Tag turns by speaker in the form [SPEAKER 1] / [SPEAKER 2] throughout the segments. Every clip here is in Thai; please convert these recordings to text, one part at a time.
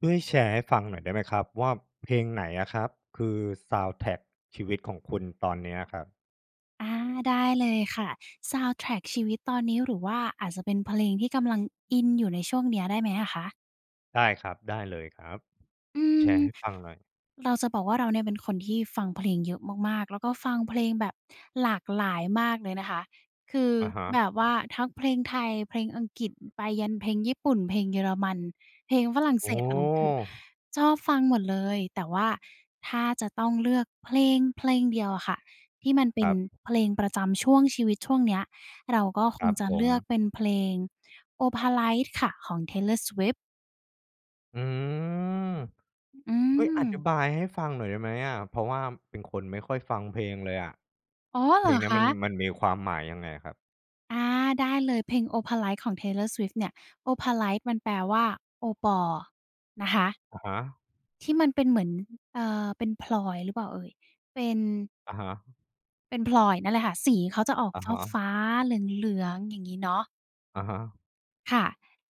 [SPEAKER 1] ช่วยแชร์ให้ฟังหน่อยได้ไหมครับว่า เพลงไหนอะครับ คือ ซาวนด์แทร็กชีวิตของคุณตอนเนี้ยครับ?
[SPEAKER 2] อา ได้เลยค่ะ ซาวนด์แทร็กชีวิตตอนนี้ หรือว่าอาจจะเป็นเพลงที่กำลังอินอยู่ในช่วงเนี้ย ได้ไหมอะคะ?
[SPEAKER 1] ได้ครับ ได้เลยครับ
[SPEAKER 2] อื
[SPEAKER 1] แช
[SPEAKER 2] ม
[SPEAKER 1] ร์ให้ฟังหน่อย
[SPEAKER 2] เราจะบอกว่าเราเนี่ยเป็นคนที่ฟังเพลงเยอะมาก ๆ แล้วก็ฟังเพลงแบบหลากหลายมากเลยนะคะ คือ
[SPEAKER 1] อะฮะ
[SPEAKER 2] แบบว่าทั้งเพลงไทย เพลงอังกฤษ ไปยันเพลงญี่ปุ่น เพลงเยอรมัน เพลงฝรั่งเ
[SPEAKER 1] โอ
[SPEAKER 2] ศส อะไร คือ
[SPEAKER 1] ้
[SPEAKER 2] ชอบฟังหมดเลย แต่ว่าถ้าจะต้องเลือกเพลงเพลงเดียวอะค่ะที่มันเป
[SPEAKER 1] ค
[SPEAKER 2] ็
[SPEAKER 1] ร
[SPEAKER 2] น
[SPEAKER 1] ับ
[SPEAKER 2] เพลงประจำช่วงชีวิตช่วงเนี้ย เราก็ค
[SPEAKER 1] คร
[SPEAKER 2] ง
[SPEAKER 1] ับ
[SPEAKER 2] จะ
[SPEAKER 1] ผ
[SPEAKER 2] เลือก
[SPEAKER 1] ม
[SPEAKER 2] เป็นเพลง "Opalite" ค่ะ ของ Taylor Swift
[SPEAKER 1] อืม
[SPEAKER 2] อื
[SPEAKER 1] เฮ้ย อธิ
[SPEAKER 2] ม
[SPEAKER 1] บายให้ฟังหน่อยได้ไหมอะ เพราะว่าเป็นคนไม่ค่อยฟังเพลงเลยอะ
[SPEAKER 2] อ๋อ เ
[SPEAKER 1] เ
[SPEAKER 2] หร
[SPEAKER 1] พล
[SPEAKER 2] อ
[SPEAKER 1] งเนี้
[SPEAKER 2] ค
[SPEAKER 1] ยมัน
[SPEAKER 2] ะ?
[SPEAKER 1] มันมีความหมายยังไงอะครับ?
[SPEAKER 2] อา ได้เลย เพลง "Opalite" ของ Taylor Swift เนี่ย โอพาไลต์ มันแปลว่าโอปอนะคะ
[SPEAKER 1] อะฮะ
[SPEAKER 2] ที่มันเป็นเหมือน อ เออ เป็นพลอย หรือเปล่าเอ่ย เป็น
[SPEAKER 1] อะฮะ
[SPEAKER 2] เป็นพลอยนั่นแหละค่ะ สีเขาจะออก
[SPEAKER 1] อะฮะ
[SPEAKER 2] ฟ้า ๆ เหลือง ๆ อย่างงี้เนาะ
[SPEAKER 1] อะฮะ
[SPEAKER 2] ค่ะ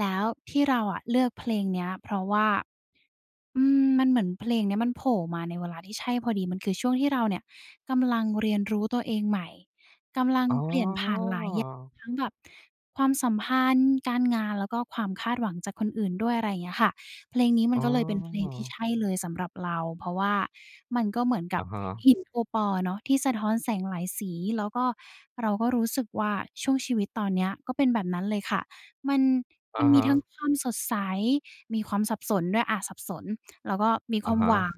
[SPEAKER 2] แล้วที่เราอะเลือกเพลงเนี้ย เพราะว่า อืม มันเหมือนเพลงเนี้ย มันโผล่มาในเวลาที่ใช่พอดี มันคือช่วงที่เราเนี่ยกำลังเรียนรู้ตัวเองใหม่ กำลัง
[SPEAKER 1] อ๋
[SPEAKER 2] เปลี่ยนผ่านหลายอย่าง
[SPEAKER 1] อ
[SPEAKER 2] ทั้งแบบความสัมพันธ์ การงาน แล้วก็ความคาดหวังจากคนอื่นด้วย อะไรอย่างเงี้ยค่ะ เพลงนี้มั
[SPEAKER 1] อ
[SPEAKER 2] น
[SPEAKER 1] ๋
[SPEAKER 2] ก็เลยเป็นเพลงที่ใ
[SPEAKER 1] อ
[SPEAKER 2] ช่เลยสำหรับเรา เพราะว่ามันก็เหมือนก
[SPEAKER 1] อ
[SPEAKER 2] ับ
[SPEAKER 1] ะฮะ
[SPEAKER 2] หินโอปออะเนาะ ที่สะท้อนแสงหลายสี แล้วก็เราก็รู้สึกว่า ช่วงชีวิตตอนเนี้ยก็เป็นแบบนั้นเลยค่ะ มัน
[SPEAKER 1] อ
[SPEAKER 2] ม
[SPEAKER 1] ะ
[SPEAKER 2] ัน
[SPEAKER 1] ฮ
[SPEAKER 2] มีทั้ง
[SPEAKER 1] ะ
[SPEAKER 2] ความสดใส มีความสับสนด้วย อา สับสน แล้วก็มี
[SPEAKER 1] อ
[SPEAKER 2] ค
[SPEAKER 1] ะ
[SPEAKER 2] วาม
[SPEAKER 1] ฮ
[SPEAKER 2] หว
[SPEAKER 1] ะ
[SPEAKER 2] ัง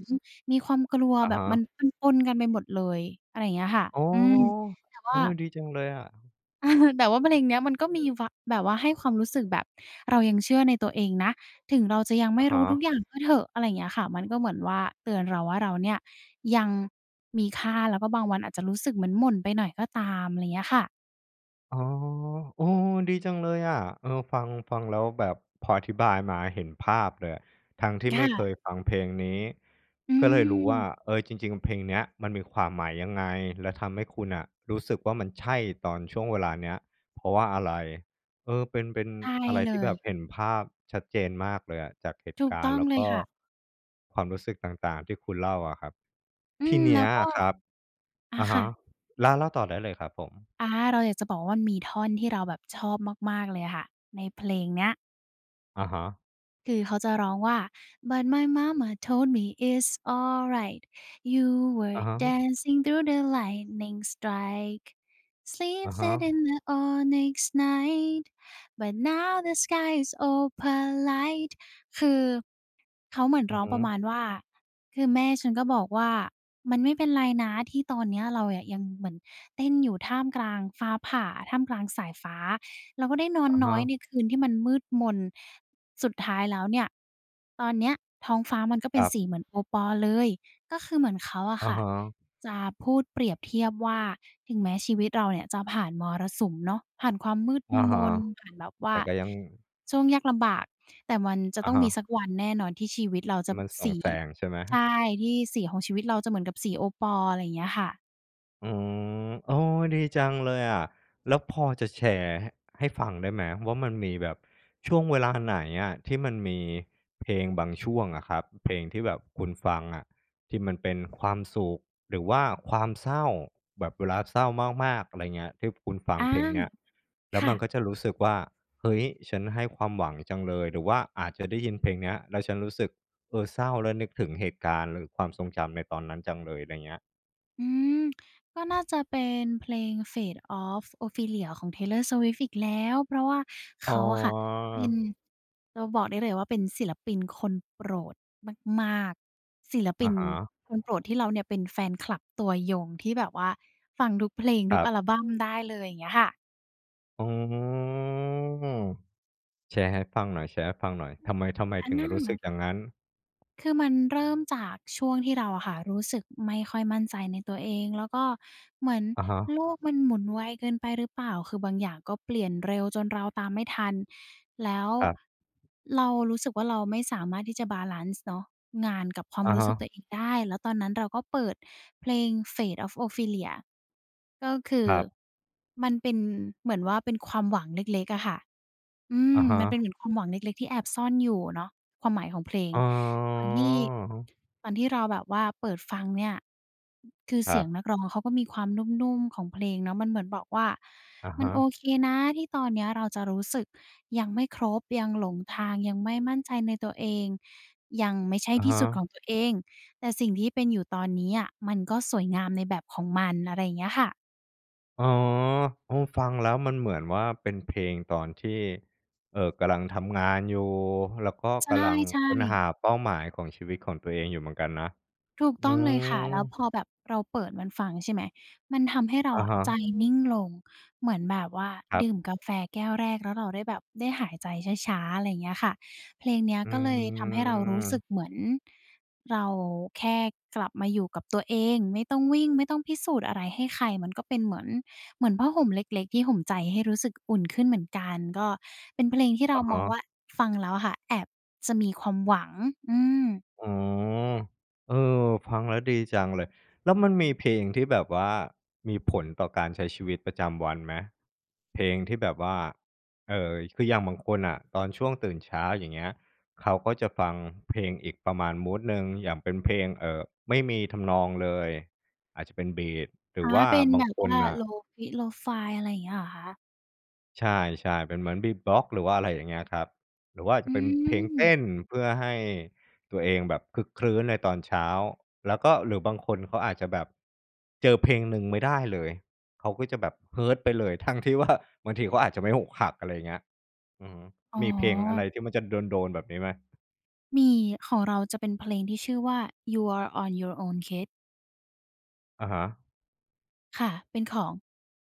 [SPEAKER 2] มีความกลัว
[SPEAKER 1] อะ
[SPEAKER 2] แบ
[SPEAKER 1] ฮ
[SPEAKER 2] บม
[SPEAKER 1] ะ
[SPEAKER 2] ันปน ๆ กันไปหมดเลย อะไรอย่างเงี้ยค่ะ
[SPEAKER 1] อ๋อ
[SPEAKER 2] อืม แต่ว
[SPEAKER 1] เ
[SPEAKER 2] ่
[SPEAKER 1] อ
[SPEAKER 2] า
[SPEAKER 1] อ ดีจังเลยอะ
[SPEAKER 2] แต่ว่าเพลงเนี้ยมันก็มีว่า แบบว่าให้ความรู้สึกแบบเรายังเชื่อในตัวเองนะ ถึงเราจะยังไม
[SPEAKER 1] อ
[SPEAKER 2] ่
[SPEAKER 1] ะ
[SPEAKER 2] ร
[SPEAKER 1] ฮ
[SPEAKER 2] ู้ทุ
[SPEAKER 1] ะ
[SPEAKER 2] กอย่างก็เถอะ อะไรอย่างเงี้ยค่ะ มันก็เหมือนว่าเตือนเราว่า "เราเนี่ยยังมีค่า แล้วก็บางวันอาจจะรู้สึกเหมือนหม่นไปหน่อยก็ตาม" อะไรเงี้ยค่ะ
[SPEAKER 1] อ๋อ เออ ดีจังเลยอะ เออ ฟัง ฟังแล้วแบบ พออธิบายมาเห็นภาพเลยอะ ทั้งที่
[SPEAKER 2] ค
[SPEAKER 1] ไม
[SPEAKER 2] ่
[SPEAKER 1] ่เค
[SPEAKER 2] ะ
[SPEAKER 1] ยฟังเพลงนี้
[SPEAKER 2] อื
[SPEAKER 1] ก็เลยรู้ว่า
[SPEAKER 2] ม
[SPEAKER 1] เออ จริง ๆ เพลงเนี้ยมันมีความหมายยังไง แล้วทำให้คุณอะ รู้สึกว่ามันใช่ ตอนช่วงเวลาเนี้ย เพราะว่าอะไร เออ เป็น เป็น
[SPEAKER 2] ใช่
[SPEAKER 1] อะไร
[SPEAKER 2] เล
[SPEAKER 1] ที่แบ
[SPEAKER 2] ย
[SPEAKER 1] บเห็นภาพชัดเจนมากเลยอะ จากเหต
[SPEAKER 2] ถ
[SPEAKER 1] ุ
[SPEAKER 2] ู
[SPEAKER 1] ก
[SPEAKER 2] ก
[SPEAKER 1] า
[SPEAKER 2] ต
[SPEAKER 1] รณ
[SPEAKER 2] ้
[SPEAKER 1] ์
[SPEAKER 2] อ
[SPEAKER 1] แ
[SPEAKER 2] ง
[SPEAKER 1] ล้ว
[SPEAKER 2] เล
[SPEAKER 1] ก
[SPEAKER 2] ย
[SPEAKER 1] ็
[SPEAKER 2] ค่ะ
[SPEAKER 1] ความรู้สึกต่าง ๆ ที่คุณเล่าอะครับ
[SPEAKER 2] อื
[SPEAKER 1] ที
[SPEAKER 2] ม
[SPEAKER 1] เน
[SPEAKER 2] แล
[SPEAKER 1] ี
[SPEAKER 2] ้
[SPEAKER 1] ้
[SPEAKER 2] ว
[SPEAKER 1] ย
[SPEAKER 2] ก็
[SPEAKER 1] อะครับ
[SPEAKER 2] อา
[SPEAKER 1] อะ
[SPEAKER 2] ค
[SPEAKER 1] ฮ
[SPEAKER 2] ่
[SPEAKER 1] ะ
[SPEAKER 2] ะ
[SPEAKER 1] เล่า เล่าต่อได้เลยครับผม
[SPEAKER 2] อา เราอยากจะบอกว่ามันมีท่อนที่เราแบบชอบมาก ๆ เลยอะค่ะในเพลงเนี้ย
[SPEAKER 1] อะฮะ
[SPEAKER 2] คือเค้าจะร้องว่า But my mama told me, It's alright. You
[SPEAKER 1] อะ
[SPEAKER 2] were
[SPEAKER 1] ฮะ
[SPEAKER 2] dancing through the lightning strikes.
[SPEAKER 1] อะฮ
[SPEAKER 2] Sleepless in
[SPEAKER 1] ะ
[SPEAKER 2] the onyx night. But now the sky is opalite. คือ เขาเหมือน
[SPEAKER 1] อื
[SPEAKER 2] ร
[SPEAKER 1] อ
[SPEAKER 2] ้อง
[SPEAKER 1] ฮ
[SPEAKER 2] ประ
[SPEAKER 1] ึ
[SPEAKER 2] มาณว่า "คือแม่ฉันก็บอกว่า มันไม่เป็นไรนะ ที่ตอนเนี้ยเรายังเหมือนเต้นอยู่ท่ามกลางฟ้าผ่า ท่ามกลางสายฟ้า เราก็ได้นอน
[SPEAKER 1] อะ
[SPEAKER 2] น
[SPEAKER 1] ฮ
[SPEAKER 2] ้อย
[SPEAKER 1] ะ
[SPEAKER 2] ในคืนที่มันมืดมน สุดท้ายแล้วเนี่ย ตอนเนี้ยท้องฟ้ามันก็เ
[SPEAKER 1] ค
[SPEAKER 2] ป็
[SPEAKER 1] ร
[SPEAKER 2] น
[SPEAKER 1] ับ
[SPEAKER 2] สีเหมือนโอปอเลย" ก็คือเหมือนเขาอ
[SPEAKER 1] อ
[SPEAKER 2] ะ
[SPEAKER 1] ะ
[SPEAKER 2] ค่ะ
[SPEAKER 1] ฮะ
[SPEAKER 2] จะพูดเปรียบเทียบว่า "ถึงแม้ชีวิตเราเนี่ยจะผ่านมรสุมเนาะ ผ่านความมืด
[SPEAKER 1] อะ
[SPEAKER 2] ม
[SPEAKER 1] ฮะ
[SPEAKER 2] น ผ่านแบบว
[SPEAKER 1] แ
[SPEAKER 2] ่
[SPEAKER 1] ต่
[SPEAKER 2] า
[SPEAKER 1] ก็ยัง
[SPEAKER 2] ช่วงยากลำบาก แต่มันจะ
[SPEAKER 1] อะ
[SPEAKER 2] ต้อง
[SPEAKER 1] ฮ
[SPEAKER 2] มี
[SPEAKER 1] ะ
[SPEAKER 2] สักวันแน่นอนที่ชีวิตเรา
[SPEAKER 1] ท
[SPEAKER 2] จ
[SPEAKER 1] ี
[SPEAKER 2] ะ
[SPEAKER 1] ่มันส่
[SPEAKER 2] ส
[SPEAKER 1] อง
[SPEAKER 2] ี
[SPEAKER 1] แสงใช่ไหม?
[SPEAKER 2] ใช
[SPEAKER 1] ห
[SPEAKER 2] ่ ที่สีของชีวิตเราจะเหมือนกับสีโอปอ" อะไรอย่างเงี้ยค่ะ
[SPEAKER 1] อืม โอ้ ดีจังเลยอะ แล้วพอจะแชร์ให้ ให้ฟังได้ไหม ว่ามันมีแบบช่วงเวลาไหนอะที่มันมีเพลงบางช่วงอะครับ เพลงที่แบบคุณฟังอะ ที่มันเป็นความสุข หรือว่าความเศร้า แบบเวลาเศร้ามาก ๆ อะไรเงี้ย ที่คุณฟั
[SPEAKER 2] อ
[SPEAKER 1] ง
[SPEAKER 2] า
[SPEAKER 1] เพลงเนี้ย แล้
[SPEAKER 2] ค
[SPEAKER 1] ว
[SPEAKER 2] ่
[SPEAKER 1] มัน
[SPEAKER 2] ะ
[SPEAKER 1] ก็จะรู้สึกว่า "เฮ้ย ฉัน ให้ความหวังจังเลย" หรือว่าอาจจะได้ยินเพลงเนี้ยแล้ว ฉันรู้สึก เออ เศร้าแล้วนึกถึงเหตุการณ์ หรือความทรงจำในตอนนั้นจังเลย ไรเงี้ย?
[SPEAKER 2] อืม ก็น่าจะเป็นเพลง "Fate of Ophelia" ของ Taylor Swift อีกแล้ว เพราะว่าเข
[SPEAKER 1] อ๋
[SPEAKER 2] าอะค่ะเป็น
[SPEAKER 1] อ
[SPEAKER 2] เราบอกได้เลยว่า เป็นศิลปินคนโปรดมาก ๆ ศิลป
[SPEAKER 1] อ
[SPEAKER 2] ิ
[SPEAKER 1] ะ
[SPEAKER 2] น
[SPEAKER 1] ฮะ
[SPEAKER 2] คนโปรดที่เราเนี่ยเป็นแฟนคลับตัวยง ที่แบบว่าฟังทุกเพลง ท
[SPEAKER 1] ค
[SPEAKER 2] ุ
[SPEAKER 1] ร
[SPEAKER 2] ก
[SPEAKER 1] ั
[SPEAKER 2] อ
[SPEAKER 1] บ
[SPEAKER 2] ัลบัมได้เลย อย่างเงี้ยค่ะ
[SPEAKER 1] อ๋อ แชร์ให้ฟังหน่อย แชร์ให้ฟังหน่อย ทำไม ทำไม
[SPEAKER 2] อะ
[SPEAKER 1] ถึง
[SPEAKER 2] น่า
[SPEAKER 1] รู้สึกอย่างงั้น?
[SPEAKER 2] คือมันเริ่มจากช่วงที่เราอะค่ะรู้สึกไม่ค่อยมั่นใจในตัวเอง แล้วก็เหมือน
[SPEAKER 1] อะฮะ
[SPEAKER 2] โลกมันหมุนไวเกินไปหรือเปล่า คือบางอย่างก็เปลี่ยนเร็วจนเราตามไม่ทัน แล้ว
[SPEAKER 1] ครับ
[SPEAKER 2] เรารู้สึกว่า เราไม่สามารถที่จะบาลันซ์เนาะ งานกับความ
[SPEAKER 1] อะ
[SPEAKER 2] รู
[SPEAKER 1] ฮ
[SPEAKER 2] ้สึกตั
[SPEAKER 1] ะ
[SPEAKER 2] วเองได้ แล้วตอนนั้นเราก็เปิดเพลง "Fate of Ophelia" ก็คื
[SPEAKER 1] ค
[SPEAKER 2] อ
[SPEAKER 1] รับ
[SPEAKER 2] มันเป็นเหมือนว่าเป็นความหวังเล็ก ๆ อะค่ะ อื
[SPEAKER 1] อะ
[SPEAKER 2] ม
[SPEAKER 1] ฮ
[SPEAKER 2] ม
[SPEAKER 1] ะ
[SPEAKER 2] ันเป็นเหมือนความหวังเล็ก ๆ ที่แอบซ่อนอยู่เนาะ ความหมายของเพลง
[SPEAKER 1] อ๋
[SPEAKER 2] ตอนที่
[SPEAKER 1] อ
[SPEAKER 2] ตอนที่เราแบบว่าเปิดฟังเนี่ย คือ
[SPEAKER 1] ค
[SPEAKER 2] เส
[SPEAKER 1] รั
[SPEAKER 2] ีย
[SPEAKER 1] บ
[SPEAKER 2] งนักร้องเขาก็มีความนุ่ม ๆ ของเพลงเนาะ มันเหมือนบอกว่า
[SPEAKER 1] อะ
[SPEAKER 2] "ม
[SPEAKER 1] ฮ
[SPEAKER 2] ันโอ
[SPEAKER 1] ะ
[SPEAKER 2] เคนะ ที่ตอนเนี้ยเราจะรู้สึกยังไม่ครบ ยังหลงทาง ยังไม่มั่นใจในตัวเอง ยังไม่ใช่
[SPEAKER 1] อะ
[SPEAKER 2] ที
[SPEAKER 1] ฮ
[SPEAKER 2] ่สุด
[SPEAKER 1] ะ
[SPEAKER 2] ของตัวเอง แต่สิ่งที่เป็นอยู่ตอนนี้อะ มันก็สวยงามในแบบของมัน" อะไรอย่างเงี้ยค่ะ
[SPEAKER 1] อ๋อ โอ้! ฟังแล้วมันเหมือนว่าเป็นเพลงตอนที่ เอ่อ กำลังทำงานอยู่ แล้วก็
[SPEAKER 2] ใ
[SPEAKER 1] กำลัง
[SPEAKER 2] ช่
[SPEAKER 1] ค้นห
[SPEAKER 2] ๆ
[SPEAKER 1] าเป้าหมายของชีวิตของตัวเองอยู่เหมือนกันนะ
[SPEAKER 2] ถูก
[SPEAKER 1] อื
[SPEAKER 2] ต้องเลยค่ะ แล้วพอ
[SPEAKER 1] อ
[SPEAKER 2] แบบเราเปิดมันฟัง ใช่ไหม มันทำให้เรา
[SPEAKER 1] อะ
[SPEAKER 2] อ
[SPEAKER 1] ฮ
[SPEAKER 2] ะ
[SPEAKER 1] ะ
[SPEAKER 2] ใจนิ่งลง เหมือนแบบว่า
[SPEAKER 1] ครั
[SPEAKER 2] ดื่มกา
[SPEAKER 1] บ
[SPEAKER 2] แฟแก้วแรกแล้วเราได้แบบได้หายใจช้า ๆ อะไรอย่างเงี้ยค่ะ เพลงเนี้ย
[SPEAKER 1] อื
[SPEAKER 2] ก็เลยทำให้เรารู้สึ
[SPEAKER 1] ม
[SPEAKER 2] กเหมือนเราแค่กลับมาอยู่กับตัวเอง ไม่ต้องวิ่ง ไม่ต้องพิสูจน์อะไรให้ใคร มันก็เป็นเหมือน เหมือนผ้าห่มเล็ก ๆ ที่ห่มใจให้รู้สึกอุ่นขึ้นเหมือนกัน ก็เป็นเพลงที่เร
[SPEAKER 1] อ
[SPEAKER 2] า
[SPEAKER 1] ะฮ
[SPEAKER 2] มองว
[SPEAKER 1] ะ
[SPEAKER 2] ่า ฟังแล้วอะค่ะ แอบจะมีความหวัง อืม
[SPEAKER 1] อ๋อ เออ ฟังแล้วดีจังเลย แล้วมันมีเพลงที่แบบว่ามีผลต่อการใช้ชีวิตประจำวันไหม? เพลงที่แบบว่า เออ คืออย่างบางคนน่ะ ตอนช่วงตื่นเช้า อย่างเงี้ย เขาก็จะฟังเพลงอีกประมาณมูดหนึ่งอย่างเป็นเพลง เอ่อ ไม่มีทำนองเลย อาจจะเป็นบีต หร
[SPEAKER 2] อ
[SPEAKER 1] ื
[SPEAKER 2] า
[SPEAKER 1] อว่า
[SPEAKER 2] เป็น
[SPEAKER 1] บ
[SPEAKER 2] แ
[SPEAKER 1] า
[SPEAKER 2] บ
[SPEAKER 1] ง
[SPEAKER 2] บ
[SPEAKER 1] ค
[SPEAKER 2] ว่
[SPEAKER 1] น
[SPEAKER 2] า
[SPEAKER 1] น่ะ
[SPEAKER 2] Lo-Fi Low Fide อะไรอย่างเงี้ย เหรอคะ?
[SPEAKER 1] ใช่ ๆ เป็นเหมือน Beatbox หรือว่า อะไรอย่างเงี้ยครับ หรือว่า
[SPEAKER 2] อ
[SPEAKER 1] จะเป็นเพลงเต
[SPEAKER 2] ืม
[SPEAKER 1] ้น เพื่อให้ตัวเองแบบครึกครื้นในตอนเช้า แล้วก็ หรือบางคนเขาอาจจะแบบเจอเพลงหนึ่งไม่ได้เลย เขาก็จะแบบ Hurt ไปเลย ทั้งที่ว่า บางทีเขาอาจจะไม่อกหัก อะไรอย่างเงี้ย อือฮึ
[SPEAKER 2] อ๋
[SPEAKER 1] มีเพลงอะไ
[SPEAKER 2] อ
[SPEAKER 1] รที่มันจะโดน ๆ แบบนี้ไหม?
[SPEAKER 2] มี ของเราจะเป็นเพลงที่ชื่อว่า You're On Your Own, Kid
[SPEAKER 1] อะฮะ
[SPEAKER 2] ค่ะ เป็นของ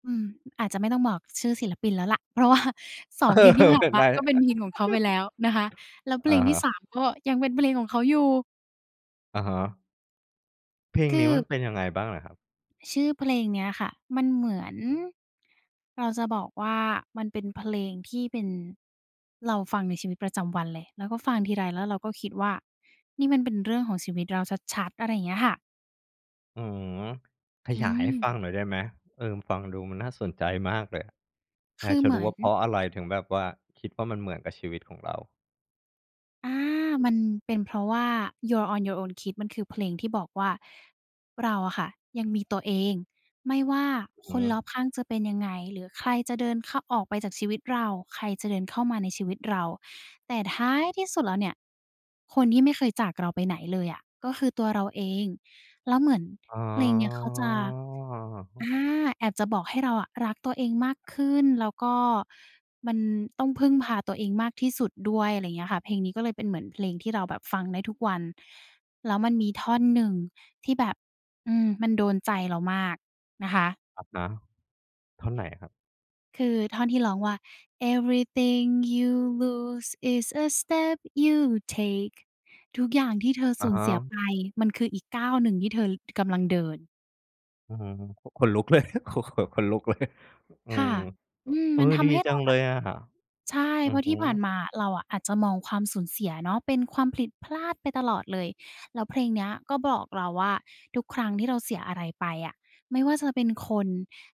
[SPEAKER 2] อืม อาจจะไม่ต้องบอกชื่อศิลปินแล้วล่ะ เพราะว่า สอ
[SPEAKER 1] เอ
[SPEAKER 2] ง เพล
[SPEAKER 1] อ
[SPEAKER 2] งที่ผ่านมาก็เป็นเพลงของเขาไปแล้วนะคะ แล้วเพ
[SPEAKER 1] อ
[SPEAKER 2] ลง
[SPEAKER 1] ะฮ
[SPEAKER 2] ที่ สา
[SPEAKER 1] ะ
[SPEAKER 2] ม ก็ยังเป็นเพลงของเขาอยู่
[SPEAKER 1] อะฮะ เพลง
[SPEAKER 2] ค
[SPEAKER 1] นี้มั
[SPEAKER 2] ือ
[SPEAKER 1] นเป็นยังไงบ้างเหรอครับ?
[SPEAKER 2] ชื่อเพลงเนี้ยค่ะ มันเหมือน เราจะบอกว่า มันเป็นเพลงที่เป็น เราฟังในชีวิตประจำวันเลย แล้วก็ฟังทีไรแล้วเราก็คิดว่า นี่มันเป็นเรื่องของชีวิตเราชัด ๆ อะไรอย่างเงี้ยค่ะ
[SPEAKER 1] อือ ข
[SPEAKER 2] อื
[SPEAKER 1] ยายให้
[SPEAKER 2] ม
[SPEAKER 1] ฟังหน่อยได้ไหม? เออ ฟังดูมันน่าสนใจมากเลยอะ อ
[SPEAKER 2] ค
[SPEAKER 1] ยา
[SPEAKER 2] ื
[SPEAKER 1] ก
[SPEAKER 2] อ
[SPEAKER 1] จะ
[SPEAKER 2] เหม
[SPEAKER 1] รู้
[SPEAKER 2] ือ
[SPEAKER 1] ว่า เพร
[SPEAKER 2] น
[SPEAKER 1] าะอะไรถึงแบบว่าคิดว่า มันเหมือนกับชีวิตของเรา
[SPEAKER 2] อา มันเป็นเพราะว่า "You're On Your Own, Kid" มันคือเพลงที่บอกว่า เราอะค่ะยังมีตัวเอง ไม่ว่า
[SPEAKER 1] อ
[SPEAKER 2] ค
[SPEAKER 1] ือ
[SPEAKER 2] น
[SPEAKER 1] ฮึ
[SPEAKER 2] รอบข้างจะเป็นยังไง หรือใครจะเดินเข้า ออกไปจากชีวิตเรา ใครจะเดินเข้ามาในชีวิตเรา แต่ท้ายที่สุดแล้วเนี่ยคนที่ไม่เคยจากเราไปไหนเลยอะก็คือตัวเราเอง แล้วเหมือน
[SPEAKER 1] อ๋อ
[SPEAKER 2] เพลงเนี้ยเขาจะ อา แอบจะบอกให้เราอะรักตัวเองมากขึ้น แล้วก็มันต้องพึ่งพาตัวเองมากที่สุดด้วย ไรเงี้ยค่ะ เพลงนี้ก็เลยเป็นเหมือนเพลงที่เราแบบฟังได้ทุกวัน แล้วมันมีท่อนหนึ่งที่แบบ อืม มันโดนใจเรามากนะคะ
[SPEAKER 1] อะฮะ ท่อนไหนครับ?
[SPEAKER 2] คือท่อนที่ร้องว่า Everything you lose is a step you take ทุกอย่างที่เธอ
[SPEAKER 1] อ
[SPEAKER 2] ส
[SPEAKER 1] ะ
[SPEAKER 2] ูญ
[SPEAKER 1] ฮ
[SPEAKER 2] เสีย
[SPEAKER 1] ะ
[SPEAKER 2] ไป มันคืออีกก้าวหนึ่งที่เธอ ท กำลังเดิน
[SPEAKER 1] อื้อฮือ ข ขนลุกเลย โอ้โฮ ขนลุก เลย อื
[SPEAKER 2] ค่
[SPEAKER 1] ม
[SPEAKER 2] ะ อืม
[SPEAKER 1] อ เอ
[SPEAKER 2] ม
[SPEAKER 1] อ
[SPEAKER 2] ันท
[SPEAKER 1] ดี
[SPEAKER 2] ำให้
[SPEAKER 1] จ
[SPEAKER 2] เร
[SPEAKER 1] ั
[SPEAKER 2] า
[SPEAKER 1] ง
[SPEAKER 2] แ
[SPEAKER 1] เ
[SPEAKER 2] บ
[SPEAKER 1] ล
[SPEAKER 2] บ
[SPEAKER 1] ยอะ
[SPEAKER 2] ใช่
[SPEAKER 1] อื
[SPEAKER 2] เพ
[SPEAKER 1] อ
[SPEAKER 2] ราะ
[SPEAKER 1] ฮ
[SPEAKER 2] ที่ผ่าน
[SPEAKER 1] ึ
[SPEAKER 2] มาอะ เราอะอาจจะมองความสูญเสียเนาะเป็นความผิด พลาดไปตลอดเลย แล้วเพลงเนี้ยก็บอกเราว่า "ทุกครั้งที่เราเสียอะไรไปอะ ไม่ว่าจะเป็นคน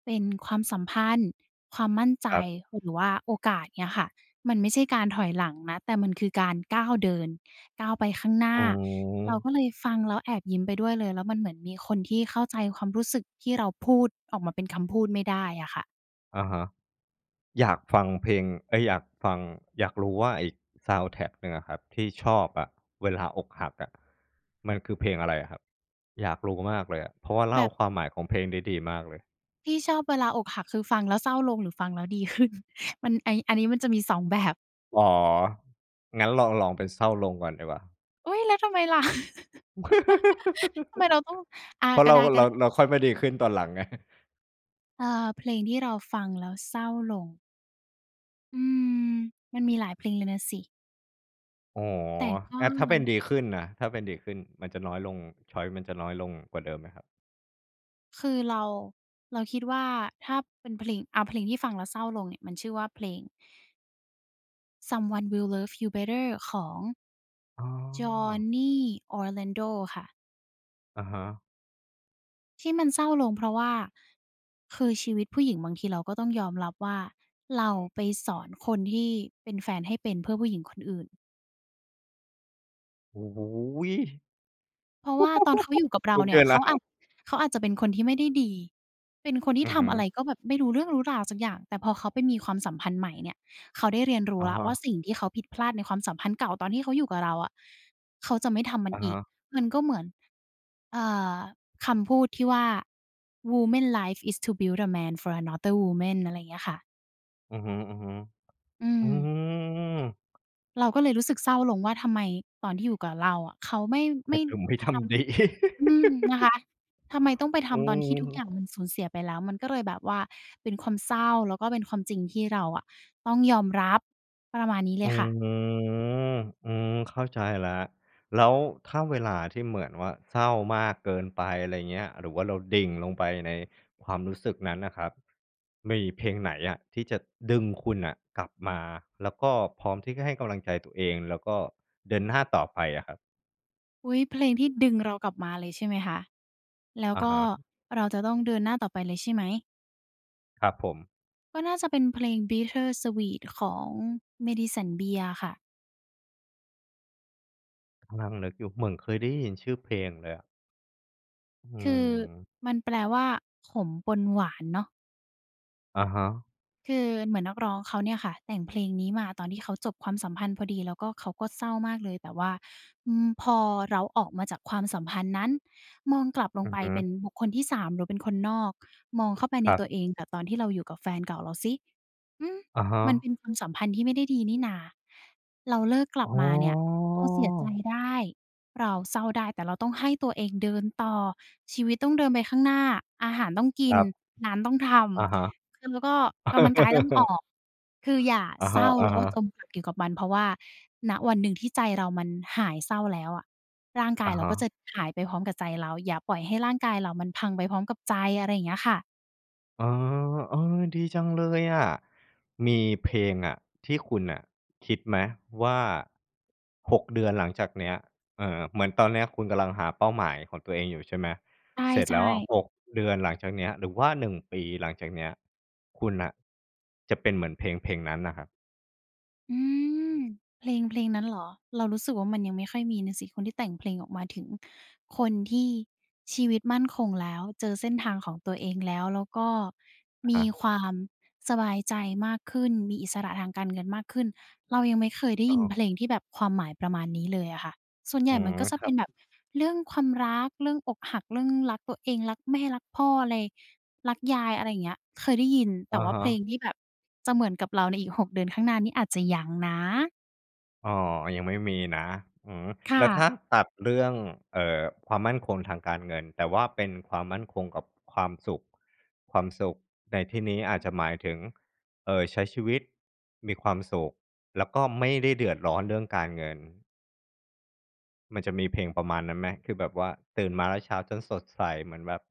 [SPEAKER 2] เป็นความสัมพันธ์ ความมั่นใจ
[SPEAKER 1] ครับ
[SPEAKER 2] หรือว่าโอกาส เงี้ยค่ะ มันไม่ใช่การถอยหลังนะ แต่มันคือการก้าวเดิน ก้าวไปข้างหน้
[SPEAKER 1] อ
[SPEAKER 2] า"
[SPEAKER 1] ื
[SPEAKER 2] เรา
[SPEAKER 1] ม
[SPEAKER 2] ก็เลยฟังแล้วแอบยิ้มไปด้วยเลย แล้วมันเหมือนมีคนที่เข้าใจความรู้สึกที่เราพูดออกมาเป็นคำพูดไม่ได้อะค่ะ
[SPEAKER 1] อะฮะ อยากฟังเพลง เอ๊ย อยากฟัง อยากรู้ว่า ไอ้ซาวนด์แทร็กหนึ่งอะครับ ที่ชอบอะเวลาอกหักอะ มันคือเพลงอะไรอะครับ? อยากรู้มากเลยอะ เพราะว่าเ
[SPEAKER 2] แ
[SPEAKER 1] ล
[SPEAKER 2] บ
[SPEAKER 1] ่า
[SPEAKER 2] บ
[SPEAKER 1] ความหมายของเพลงได้ดีมากเลย
[SPEAKER 2] ที่ชอบเวลาอกหัก คือฟังแล้วเศร้าลงหรือฟังแล้ว ดีขึ้น มัน ไอ้ อันนี้มันจะมี 2 แบบ
[SPEAKER 1] อ๋อ งั้นลอง ลองเป็นเศร้าลงก่อนดีกว่า
[SPEAKER 2] อุ๊ย! แล้วทำไมล่ะ? ทำไมเราต้อง อา
[SPEAKER 1] เพราะ
[SPEAKER 2] ก็
[SPEAKER 1] เรา
[SPEAKER 2] ได้
[SPEAKER 1] เรา
[SPEAKER 2] ๆ
[SPEAKER 1] เราค่อยมาดีขึ้นตอนหลังไง
[SPEAKER 2] อา เพลงที่เราฟังแล้วเศร้าลง อืม มันมีหลายเพลงเลยน่ะสิ
[SPEAKER 1] อ๋อ
[SPEAKER 2] แต่ก็
[SPEAKER 1] อะ ถ้าเป็นดีขึ้นน่ะ ถ้าเป็นดีขึ้น มันจะน้อยลง ชอยซ์ มันจะน้อยลงกว่าเดิมไหมครับ?
[SPEAKER 2] คือเรา เราคิดว่า ถ้าเป็นเพลง เอาเพลงที่ฟังแล้วเศร้าลงเนี่ยมันชื่อว่า เพลง Someone Will Love You Better ของ
[SPEAKER 1] อ๋อ
[SPEAKER 2] Johnny Orlando ค่ะ
[SPEAKER 1] อะฮะ
[SPEAKER 2] ที่มันเศร้าลง เพราะว่า คือชีวิตผู้หญิงบางทีเราก็ต้องยอมรับว่า เราไปสอนคนที่เป็นแฟนให้เป็นเพื่อผู้หญิงคนอื่น
[SPEAKER 1] โอ้โฮ!
[SPEAKER 2] เพราะว่าตอนเขาอยู่กับเร
[SPEAKER 1] โ
[SPEAKER 2] า
[SPEAKER 1] อเ
[SPEAKER 2] เ
[SPEAKER 1] ค
[SPEAKER 2] นี่ย เข
[SPEAKER 1] น
[SPEAKER 2] าอา
[SPEAKER 1] ะ
[SPEAKER 2] จ เขาอาจจะเป็นคนที่ไม่ได้ดี เป็นคนที่
[SPEAKER 1] อือ
[SPEAKER 2] ท
[SPEAKER 1] ฮึ
[SPEAKER 2] ำอะไรก็แบบไม่รู้เรื่องรู้ราวสักอย่าง แต่พอเขาไปมีความสัมพันธ์ใหม่เนี่ย เขาได้เรียนรู้
[SPEAKER 1] อะ
[SPEAKER 2] แล้
[SPEAKER 1] ฮ
[SPEAKER 2] วว่
[SPEAKER 1] ะ
[SPEAKER 2] า สิ่งที่เขาผิดพลาดในความสัมพันธ์เก่าตอนที่เขาอยู่กับเราอะ เขาจะไม่ทำมั
[SPEAKER 1] อ
[SPEAKER 2] น
[SPEAKER 1] ะ
[SPEAKER 2] อ
[SPEAKER 1] ฮ
[SPEAKER 2] ีก
[SPEAKER 1] ะ
[SPEAKER 2] มันก็เหมือน เอ่อ คำพูดที่ว่า "Woman life is to build the man for another woman" อะไรอย่างเงี้ยค่ะ
[SPEAKER 1] อือฮึ ๆ
[SPEAKER 2] อื
[SPEAKER 1] อื
[SPEAKER 2] ม
[SPEAKER 1] อ
[SPEAKER 2] เราก็เลยรู้สึกเศร้าลงว่า ทำไมตอนที่อยู่กับเราอะ เขาไม่
[SPEAKER 1] ใ
[SPEAKER 2] ไ
[SPEAKER 1] ห
[SPEAKER 2] ม
[SPEAKER 1] ้
[SPEAKER 2] ่
[SPEAKER 1] เธอ ไม่
[SPEAKER 2] ท
[SPEAKER 1] ทำ ดี
[SPEAKER 2] ำ อืม นะคะ ทำไมต้องไปท
[SPEAKER 1] อื
[SPEAKER 2] ำตอนที่ทุก
[SPEAKER 1] ม
[SPEAKER 2] อย่างมันสูญเสียไปแล้ว มันก็เลยแบบว่าเป็นความเศร้า แล้วก็เป็นความจริงที่เราอะต้องยอมรับ ประมาณนี้เล
[SPEAKER 1] อื
[SPEAKER 2] ยค
[SPEAKER 1] อ
[SPEAKER 2] ่ะ
[SPEAKER 1] อืม เข้าใจแล้ว แล้วถ้าเวลาที่เหมือนว่าเศร้ามากเกินไป อะไรอย่างเงี้ย หรือว่าเราดิ่งลงไปในความรู้สึกนั้นน่ะครับ มีเพลงไหนอะที่จะดึงคุณน่ะกลับมา แล้วก็พร้อมที่จะให้กำลังใจตัวเอง แล้วก็เดินหน้าต่อไปอะครับ?
[SPEAKER 2] อุ๊ย เพลงที่ดึงเรากลับมาเลยใช่ไหมคะ แล้ว
[SPEAKER 1] อะ
[SPEAKER 2] ก็
[SPEAKER 1] ฮะ
[SPEAKER 2] เราจะต้องเดินหน้าต่อไปเลยใช่ไหม?
[SPEAKER 1] ครับผม
[SPEAKER 2] ก็น่าจะเป็นเพลง "Bittersweet" ของ Madison Beer อะค่ะ
[SPEAKER 1] นั่งนึกอยู่ เหมือนเคยได้ยินชื่อเพลงเลยอะ อื
[SPEAKER 2] คือ
[SPEAKER 1] ม
[SPEAKER 2] มันแปลว่า "ขมปนหวาน" เนาะ
[SPEAKER 1] อะฮะ
[SPEAKER 2] คือเหมือนนักร้องเขาเนี่ยค่ะแต่งเพลงนี้มาตอนที่เขาจบความสัมพันธ์พอดี แล้วก็เขาก็เศร้ามากเลย แต่ว่า อืม พอเราออกมาจากความสัมพันธ์นั้น มองกลับล
[SPEAKER 1] อ
[SPEAKER 2] ง
[SPEAKER 1] ื
[SPEAKER 2] ไ
[SPEAKER 1] อ
[SPEAKER 2] ป
[SPEAKER 1] ฮ
[SPEAKER 2] เป็
[SPEAKER 1] ึ
[SPEAKER 2] นบุคคลที่ 3 หรือเป็นคนนอก มองเข้าไปใ
[SPEAKER 1] ค
[SPEAKER 2] น
[SPEAKER 1] ร
[SPEAKER 2] ต
[SPEAKER 1] ับ
[SPEAKER 2] ัวเอง แต่ตอนที่เราอยู่กับแฟนเก่าเราซิ อืม
[SPEAKER 1] อะฮ
[SPEAKER 2] มันเ
[SPEAKER 1] ะ
[SPEAKER 2] ป็นความสัมพันธ์ที่ไม่ได้ดีนี่หน่า เราเลิกกลั
[SPEAKER 1] อ
[SPEAKER 2] บ
[SPEAKER 1] ๋อ
[SPEAKER 2] มาเนี่ย เราเสียใจได้ เราเศร้าได้ แต่เราต้องให้ตัวเองเดินต่อ ชีวิตต้องเดินไปข้างหน้า อาหารต้องกิ
[SPEAKER 1] ค
[SPEAKER 2] น
[SPEAKER 1] รับ
[SPEAKER 2] งานต้องท
[SPEAKER 1] อะฮะ
[SPEAKER 2] ำ คือแล้วก็กำลังกายต้องออก คืออย่า
[SPEAKER 1] อะ
[SPEAKER 2] เศ
[SPEAKER 1] ฮ
[SPEAKER 2] ร้าแล้วก็
[SPEAKER 1] ะ ๆ
[SPEAKER 2] จมปลักอยู่กับมัน เพราะว่า ณ วันหนึ่งที่ใจเรามันหายเศร้าแล้วอะ ร่างกา
[SPEAKER 1] อ
[SPEAKER 2] ย
[SPEAKER 1] ะ
[SPEAKER 2] เรา
[SPEAKER 1] ฮ
[SPEAKER 2] ก็จ
[SPEAKER 1] ะ
[SPEAKER 2] ะหายไปพร้อมกับใจเรา อย่าปล่อยให้ร่างกายเรามันพังไปพร้อมกับใจ อะไรอย่างเงี้ยค่ะ
[SPEAKER 1] อ๋อ เออ ดีจังเลยอะ มีเพลงอะที่คุณน่ะคิดไหมว่า 6 เดือนหลังจากเนี้ย เออ เหมือนตอนเนี้ย คุณกำลังหาเป้าหมายของตัวเองอยู่ใช่ไหม?
[SPEAKER 2] ใ
[SPEAKER 1] เสร็จ
[SPEAKER 2] ช
[SPEAKER 1] แล้ว
[SPEAKER 2] ่
[SPEAKER 1] อะ
[SPEAKER 2] ๆ
[SPEAKER 1] 6 เดือนหลังจากเนี้ย หรือว่า 1 ปีหลังจากเนี้ย คุณน่ะจะเป็นเหมือนเพลงเพลงนั้นน่ะครับ?
[SPEAKER 2] อืม เพลงเพลงนั้นเหรอ เรารู้สึกว่ามันยังไม่ค่อยมีน่ะสิ คนที่แต่งเพลงออกมาถึงคนที่ชีวิตมั่นคงแล้ว เจอเส้นทางของตัวเองแล้ว แล้วก็
[SPEAKER 1] อ
[SPEAKER 2] ม
[SPEAKER 1] ะฮ
[SPEAKER 2] ี
[SPEAKER 1] ะ
[SPEAKER 2] ความสบายใจมากขึ้น มีอิสระทางการเงินมากขึ้น เรายังไม่เคยได้
[SPEAKER 1] อ๋
[SPEAKER 2] ยิน
[SPEAKER 1] อ
[SPEAKER 2] เพลงที่แบบความหมายประมาณนี้เลยอะค่ะ ส่วนใหญ
[SPEAKER 1] อ๋
[SPEAKER 2] ่
[SPEAKER 1] อ
[SPEAKER 2] มันก็จะ
[SPEAKER 1] ค
[SPEAKER 2] เป
[SPEAKER 1] รั
[SPEAKER 2] ็น
[SPEAKER 1] บ
[SPEAKER 2] แบบเรื่องความรัก เรื่องอกหัก เรื่องรักตัวเอง รักแม่ รักพ่อ อะไร รักยาย อะไรอย่างเงี้ย เคยได้ยิน แ
[SPEAKER 1] อ
[SPEAKER 2] ต่
[SPEAKER 1] ะ
[SPEAKER 2] ว่า
[SPEAKER 1] ฮ
[SPEAKER 2] เพล
[SPEAKER 1] ะ
[SPEAKER 2] งที่แบบจะเหมือนกับเราในอีก 6 เดือนข้างหน้านี่อาจจะยังนะ
[SPEAKER 1] อ๋อ ยังไม่มีนะ อืม
[SPEAKER 2] ค่
[SPEAKER 1] แล้วถ
[SPEAKER 2] ะ
[SPEAKER 1] ้าตัดเรื่อง เอ่อ ความมั่นคงทางการเงิน แต่ว่าเป็นความมั่นคงกับความสุข ความสุขในที่นี้อาจจะหมายถึง เอ่อ ใช้ชีวิตมีความสุข แล้วก็ไม่ได้เดือดร้อนเรื่องการเงิน มันจะมีเพลงประมาณนั้นไหม? คือแบบว่าตื่นมาแล้วเช้าจนสดใสเหมือนแบบ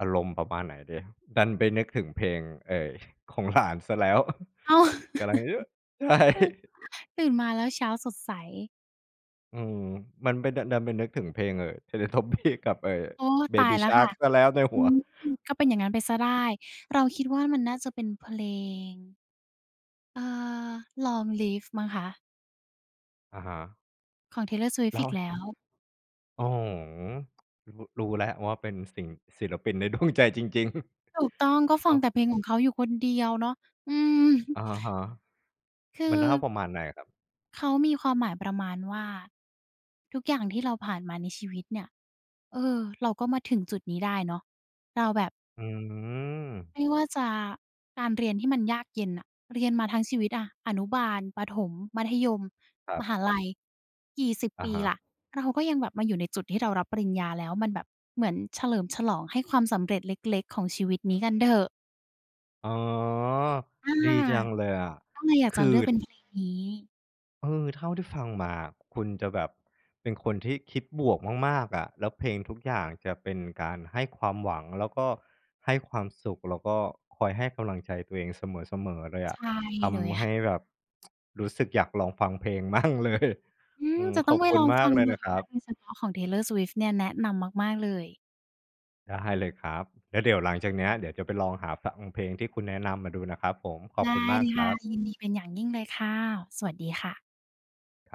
[SPEAKER 1] อารมณ์ประมาณไหนดี ดันไปนึกถึงเพลง เอ่ย ของ หลาน เสียแล้ว
[SPEAKER 2] อ้าว
[SPEAKER 1] กำลังเยอะ ใช่
[SPEAKER 2] ตื่นมาแล้วเช้าสดใส
[SPEAKER 1] อืม มันไปดัน ดันไปนึกถึงเพลง เอ่อ Teletubbies กับ เอ่อ
[SPEAKER 2] โอ้ ตาย
[SPEAKER 1] Baby
[SPEAKER 2] แล้วค่
[SPEAKER 1] Shark
[SPEAKER 2] ะ
[SPEAKER 1] เสียแล้วใน
[SPEAKER 2] อ
[SPEAKER 1] ห
[SPEAKER 2] ื
[SPEAKER 1] ัว
[SPEAKER 2] ม ก็เป็นอย่างนั้นไปเสียได้ เราคิดว่า มันน่าจะเป็นเพลง เอ่อ Long Live มั้งคะ
[SPEAKER 1] อะฮะ
[SPEAKER 2] ของ Taylor
[SPEAKER 1] แล
[SPEAKER 2] Swift
[SPEAKER 1] ้
[SPEAKER 2] อ
[SPEAKER 1] ว
[SPEAKER 2] ีกแล้ว
[SPEAKER 1] โอ้โฮ รู้ รู้และว่า เป็นสิ่ง ศิลปินใน ดวง ใจจริง ๆ
[SPEAKER 2] ถูกต้อง ก็
[SPEAKER 1] ช
[SPEAKER 2] ฟั
[SPEAKER 1] อ
[SPEAKER 2] ง
[SPEAKER 1] บ
[SPEAKER 2] แต่เพลง ของเขาอยู่คนเดียวเนาะ อืม
[SPEAKER 1] อะฮะ
[SPEAKER 2] ค
[SPEAKER 1] มันห้า
[SPEAKER 2] ือ
[SPEAKER 1] วประมาณไหนครับ?
[SPEAKER 2] เขามีความหมายประมาณว่า ทุกอย่างที่เราผ่านมาในชีวิตเนี่ย เออ เราก็มาถึงจุดนี้ได้เนาะ เราแบบ
[SPEAKER 1] อืม
[SPEAKER 2] ไม่ว่าจะการเรียนที่มันยากเย็นน่ะ เรียนมาทั้งชีวิตอะ อนุบาล ประถม มัธยม
[SPEAKER 1] ครั
[SPEAKER 2] ม
[SPEAKER 1] บ
[SPEAKER 2] หาลัย กี่สิบ
[SPEAKER 1] อ
[SPEAKER 2] ป
[SPEAKER 1] ะ
[SPEAKER 2] ี
[SPEAKER 1] ฮะ
[SPEAKER 2] ล่ะ เราก็ยังแบบมาอยู่ในจุดที่เรารับปริญญาแล้ว มันแบบเหมือนเฉลิมฉลองให้ความสำเร็จเล็ก ๆ ของชีวิตนี้กันเถอะ
[SPEAKER 1] อ๋อ
[SPEAKER 2] อา
[SPEAKER 1] ดีจังเลยอะ
[SPEAKER 2] ก็เลยอยาก
[SPEAKER 1] ค
[SPEAKER 2] จะ
[SPEAKER 1] ือ
[SPEAKER 2] เลือกเป็นเพลงนี้
[SPEAKER 1] เออ เท่าที่ฟังมาคุณจะแบบเป็นคนที่คิดบวกมาก ๆ อะ แล้วเพลงทุกอย่างจะเป็นการให้ความหวัง แล้วก็ให้ความสุข แล้วก็คอยให้กำลังใจตัวเองเสมอ ๆ เลยอ
[SPEAKER 2] ใช
[SPEAKER 1] ะ
[SPEAKER 2] ่
[SPEAKER 1] ท
[SPEAKER 2] เลย
[SPEAKER 1] ำให
[SPEAKER 2] ค่
[SPEAKER 1] ้
[SPEAKER 2] ะ
[SPEAKER 1] แบบ รู้สึกอยากลองฟังเพลง มั่งเลย
[SPEAKER 2] อื
[SPEAKER 1] อื
[SPEAKER 2] ม
[SPEAKER 1] อ
[SPEAKER 2] จะต
[SPEAKER 1] ข
[SPEAKER 2] ้อ
[SPEAKER 1] อ
[SPEAKER 2] ง
[SPEAKER 1] บ
[SPEAKER 2] ไป
[SPEAKER 1] คุ
[SPEAKER 2] ล
[SPEAKER 1] ณ
[SPEAKER 2] อง
[SPEAKER 1] ม
[SPEAKER 2] ฟ
[SPEAKER 1] า
[SPEAKER 2] ั
[SPEAKER 1] ก
[SPEAKER 2] ง
[SPEAKER 1] เลย
[SPEAKER 2] ดู
[SPEAKER 1] นะค
[SPEAKER 2] น
[SPEAKER 1] ร
[SPEAKER 2] ะ
[SPEAKER 1] ั
[SPEAKER 2] คะ
[SPEAKER 1] บ
[SPEAKER 2] โดยเฉพาะของ Taylor Swift เนี่ย แนะนำมาก ๆ เลย
[SPEAKER 1] ได้เลยครับ แล้วเดี๋ยวหลังจากเนี้ย เดี๋ยวจะไปลองหาฟังเพลงที่คุณแนะนำมาดูนะครับผม ขอ
[SPEAKER 2] ไ
[SPEAKER 1] บ
[SPEAKER 2] ด
[SPEAKER 1] คุ
[SPEAKER 2] ้
[SPEAKER 1] ณม
[SPEAKER 2] เ
[SPEAKER 1] า
[SPEAKER 2] ล
[SPEAKER 1] ก
[SPEAKER 2] ย
[SPEAKER 1] ค
[SPEAKER 2] ค
[SPEAKER 1] ร
[SPEAKER 2] ่ะ
[SPEAKER 1] ับ
[SPEAKER 2] ยินดีเป็นอย่างยิ่งเลยค่ะ สวัสดีค่ะ
[SPEAKER 1] ครับ